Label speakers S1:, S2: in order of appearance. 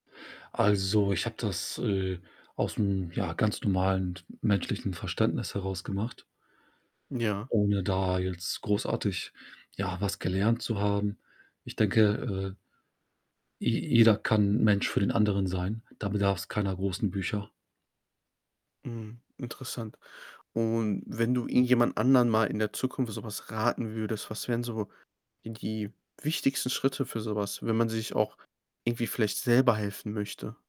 S1: Also, ich habe das, äh, aus'm, ja, ganz normalen menschlichen Verständnis heraus gemacht
S2: Ja.
S1: ohne da jetzt großartig, ja, was gelernt zu haben. Ich denke, äh je jeder kann Mensch für den anderen sein. Da bedarf's keiner großen Bücher.
S2: Mhm, interessant. Und wenn du irgendjemand anderen mal in der Zukunft so was raten würdest, was wären so die die wichtigsten Schritte für so was, wenn man sich auch irgendwie vielleicht selber helfen möchte?